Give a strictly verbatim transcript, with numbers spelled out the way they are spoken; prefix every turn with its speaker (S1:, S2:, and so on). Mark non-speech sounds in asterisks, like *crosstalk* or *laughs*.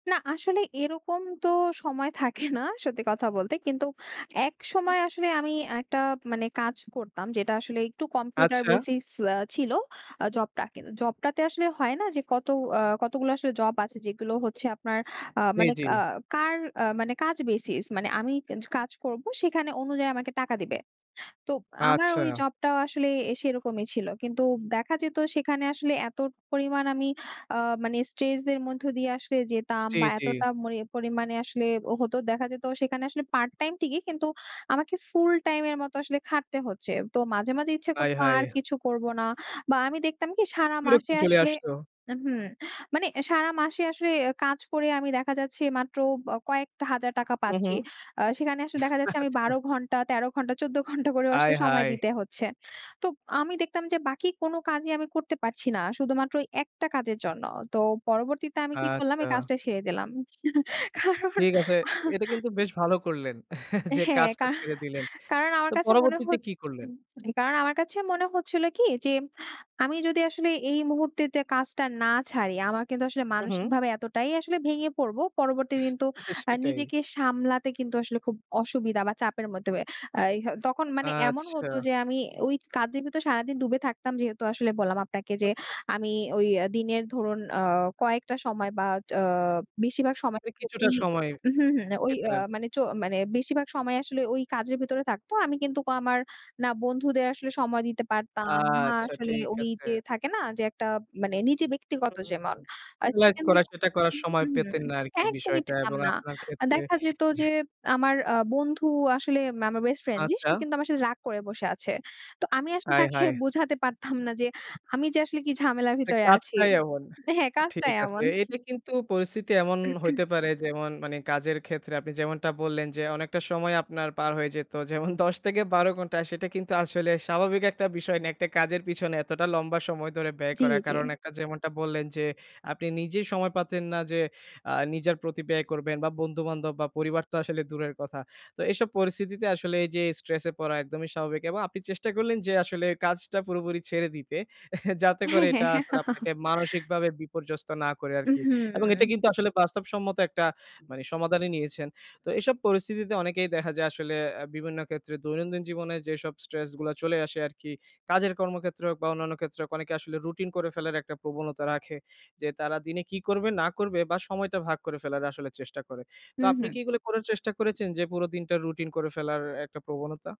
S1: না, আসলে এরকম তো সময় থাকে না সত্যি কথা বলতে। কিন্তু
S2: উ
S1: একসময় আসলে আমি একটা মানে কাজ করতাম যেটা আসলে একটু কম্পিউটার
S2: আচ্ছা।
S1: বেসিস আ ছিল আ জবটা. কিন্তু জবটাতে আসলে হয় না যে কত আ কতগুলো আসলে জব আছে যেগুলো হচ্ছে আপনার আ
S2: জি,
S1: মানে ক
S2: জি।
S1: আ কার মানে কাজ বেসিস মানে আমি জ কাজ করব সেখানে অনুযায়ী আমাকে টাকা দিবে। তো আমার ঐ
S2: আচ্ছা।
S1: জব টাও আসলে সেরকমই ছিল। কিন্তু দেখা যেত সেখানে আসলে এত পরিমাণ আমি আ মানে স্ট্রেস দের মধ্যে দিয়ে আসলে যেতাম
S2: জি,
S1: বা
S2: জি।
S1: এতটা মরি পরিমাণে আসলে হতো দেখা যেত সেখানে আসলে পার্ট টাইম ঠিকি কিন্তু আমাকে ফুল টাইম এর মত আসলে খাটতে হচ্ছে। তো মাঝে, মাঝে ইচ্ছা করত
S2: হায়!
S1: আর
S2: হায়!
S1: কিছু করব না। বা আমি দেখতাম কি? সারা
S2: বিরক্ত
S1: মাসে
S2: চলে
S1: আসলে
S2: আসত।
S1: আ হুম মানে সারা মাসে আসলে কাজ করে আমি দেখা যাচ্ছে মাত্র ব কয়েকটা হাজার টাকা
S2: হুম,
S1: পাচ্ছি।
S2: হুম।
S1: আ সেখানে আসলে দেখা যাচ্ছে আমি
S2: আচ্ছা।
S1: বারো ঘণ্টা, তেরো ঘণ্টা, চৌদ্দ ঘণ্টা করেও আসলে সময়
S2: আয়হায়!
S1: দিতে হচ্ছে। তো আমি দেখতাম যে বাকি কোনো কাজই আমি করতে পারছি না। শুধুমাত্র একটা কাজের জন্য। তো পরবর্তীতে আমি কি করলাম? এই
S2: আচ্ছা।
S1: কাজটা ছেড়ে দিলাম। *chuckles* কারণ
S2: ঠিক আছে এটা
S1: *chuckles*
S2: কিন্তু বেশ ভালো করলেন *chuckles* যে
S1: হ্যাঁ
S2: কাজটা
S1: কার
S2: ছেড়ে দিলেন।
S1: কারণ আমার
S2: তো
S1: কাছে মনে হ
S2: পরবর্তীতে কি করলেন?
S1: *unintelligible* কারণ আমার কাছে মনে হচ্ছিল কি? যে আমি যদি আসলে এই মুহূর্তে তে কাজটা না ছাড়ি আমার কিন্তু আসলে
S2: হু, হুম।
S1: মানসিকভাবে এতটাই আসলে ভেঙে পড়বো। পরবর্তী দিন
S2: *chuckles*
S1: তো আ
S2: সেটাই।
S1: নিজেকে সামলাতে কিন্তু আসলে খুব অসুবিধা বা চাপের মধ্যে আ ইয়া তখন মানে এমন হতো
S2: আচ্ছা।
S1: যে আমি ঐ কাজের ভিতর সারাদিন ডুবে থাকতাম যেহেতু আসলে বললাম, আপনাকে যে আমি ঐ দিনের ধরুন আ কয়েকটা সময় বা আ বেশিরভাগ সময়
S2: এ
S1: ঐ
S2: কিছুটা সময়
S1: হুম, হুম। ঐ
S2: পেতেন
S1: আ
S2: আরকি।
S1: মানে চ মানে বেশিরভাগ সময় আসলে ঐ কাজের ভিতরে থাকত। আমি কিন্তুক আমার না বন্ধুদের আসলে সময় দিতে পারতাম, না
S2: আচ্ছা,
S1: আসলে
S2: ঠিক
S1: ঐ
S2: আছে।
S1: যে থাকে না যে একটা মানে নিজে ব্যক্তিগত যেমন
S2: *unintelligible* রিল্যাক্স করা
S1: *unintelligible*
S2: সেটা করার
S1: হুম,
S2: সময়
S1: হুম, হুম
S2: পেতেন না আরকি
S1: একদমই
S2: বিষয়টা
S1: পেতাম
S2: এবং
S1: না।
S2: আপনার
S1: আ
S2: ক্ষেত্রে
S1: দেখা যেত যে আমার আ বন্ধু আসলে আমার বেস্ট ফ্রেন্ড যে সে
S2: আচ্ছা।
S1: কিন্তু আমার সাথে রাগ করে বসে আছে। তো আমি আসলে তাকে
S2: আয়হায়!
S1: বোঝাতে পারতাম না যে আমি যে আসলে কি ঝামেলার
S2: যে
S1: ভিতরে আছি।
S2: কাজটাই এমন।
S1: হ্যাঁ কাজটা
S2: ঠিক আছে।
S1: এমন।
S2: এটা কিন্তু পরিস্থিতি এমন
S1: *clears throat*
S2: হইতে পারে যেমন মানি কাজের ক্ষেত্রে আপনি যেমনটা বললেন যে অনেকটা সময় আপনার পার হয়ে যেত। যেমন দশ থেকে বারো ঘন্টা সেটা কিন্তু আসলে স্বাভাবিক একটা বিষয় না। একটা কাজের পিছনে এতটা লম্বা সময় ধরে ব্যয়
S1: জি,
S2: করা।
S1: জি।
S2: কারণ একটা যেমনটা বললেন যে আপনি নিজেই সময় পাতেন না যে আ নিজের প্রতি ব্যয় করবেন বা বন্ধু-বান্ধব বা পরিবার তো আসলে দূরের কথা। তো এইসব পরিস্থিতিতে আসলে এই যে স্ট্রেস এ পড়া একদমই স্বাভাবিক। এবং আপনি চেষ্টা করলেন যে আসলে কাজটা পুরোপুরি ছেড়ে দিতে। *chuckles* যাতে করে এটা আসলে
S1: *laughs*
S2: আপনাকে মানসিকভাবে বিপর্যস্ত না করে
S1: উ
S2: আরকি। এবং এটা
S1: হুম।
S2: কিন্তু আসলে বাস্তবসম্মত একটা মানি সমাধানই নিয়েছেন। তো এইসব পরিস্থিতিতে অনেকেই দেখা যায় আসলে আ বিভিন্ন ক্ষেত্রে দৈনন্দিন জীবনে যেসব স্ট্রেস গুলা চলে আসে আরকি কাজের কর্মক্ষেত্রে হোক বা অন্যান্য ক্ষেত্রে হোক অনেকে আসলে রুটিন করে ফেলার একটা প্রবণতা রাখে। যে তারা দিনে কি করবে না করবে বা সময়টা ভাগ করে ফেলার আসলে চেষ্টা করে। তো
S1: হুম,
S2: আপনি
S1: হুম।
S2: কি এগুলো করার চেষ্টা করেছেন যে পুরো দিনটা রুটিন করে ফেলার একটা প্রবণতা?